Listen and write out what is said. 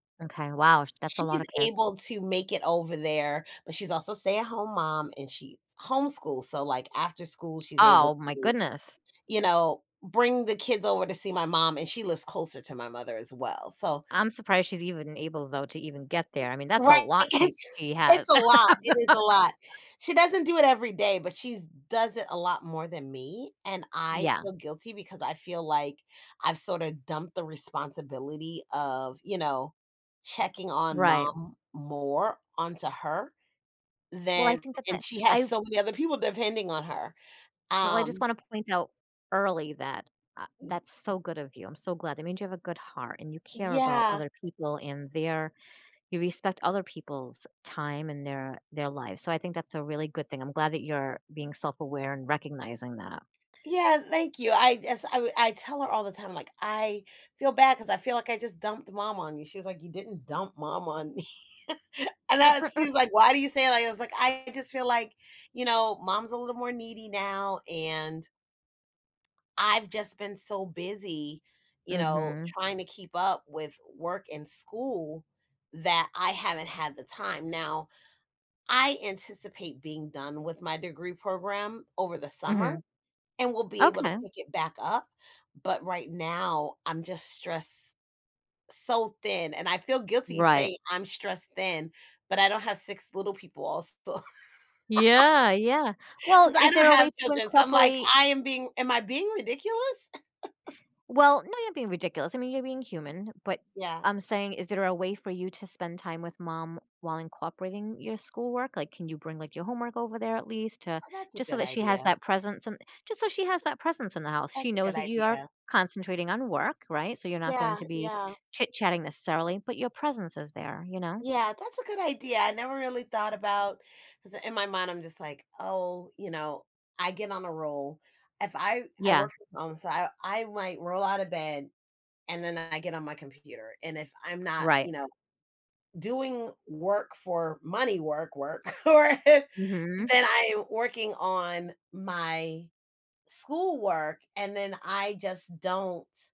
Okay. Wow. Sh that's a She's lotta kids. able to make it over there, but she's also a stay-at-home mom and she s homeschools. So, like, after school, she's able Oh my to, goodness. you know, bring the kids over to see my mom and she lives closer to my mother as well. So I'm surprised she's even able though to even get there. I mean, that's a Right. lot she It's she has. it's a lot. It is a lot. She doesn't do it every day, but she's does it a lot more than me. And I Yeah. feel guilty because I feel, like, I've sort of dumped the responsibility of, you know, checking on Right. mom more onto her Well, I than think that that and she has I so many other people depending on her, well, I just um wanna point out early that, uh, that's so [unintelligible] good of you. I'm so glad. It means you have a good heart and you care about Yeah. other people and there you respect other people's time and their their lives. So, I think that's a really good thing. I'm glad that you're being self-aware and recognizing that. Yeah. Thank you. I as I w I tell her all the time, like, I feel bad 'cause I feel, like, "I just dumped mom on you." She was, like, "You didn't dump mom on me." and Mm, I was mm, she mm. was, like, "Why do you say that?" I was, like, "I just feel, like, you know, mom's a little more needy now and" I've just been so busy, you know, Mhm. trying to keep up with work and school that I haven't had the time. Now I anticipate being done with my degree program over the summer Mhm. and we'll be able to Okay. pick it back up. But right now, I'm just stressed so thin and I feel guilty Right. saying "I'm stressed thin." But I don't have 6 little people also. Yeah, yeah. Well, 'Cause I is don't there a have way to children. So, I'm, like, incorporate "I am being am I being ridiculous?" Well, now you're being ridiculous. I mean, you're being human. But Yeah. I'm saying, is there a way for you to spend time with mom while incorporating your schoolwork? Like, can you bring, like, your homework over there at least to Oh, that's a just so good that she has idea. that presence and just so she has that presence in the house. She That's a knows good that you are idea. concentrating on work. Right? So, you're not going Yeah, to be yeah. chitchatting necessarily, but your presence is there, you know? Yeah. That's a good idea. I never really thought about 'cause in my mind, I'm, just, like, "Oh, you know." I get on a roll. If I I Yeah. work on the side, I I might roll out of bed and then I get on my computer. And if I'm not, Right. you know, doing work for money work work, or then Mhm. I'm working on my schoolwork and then I just don't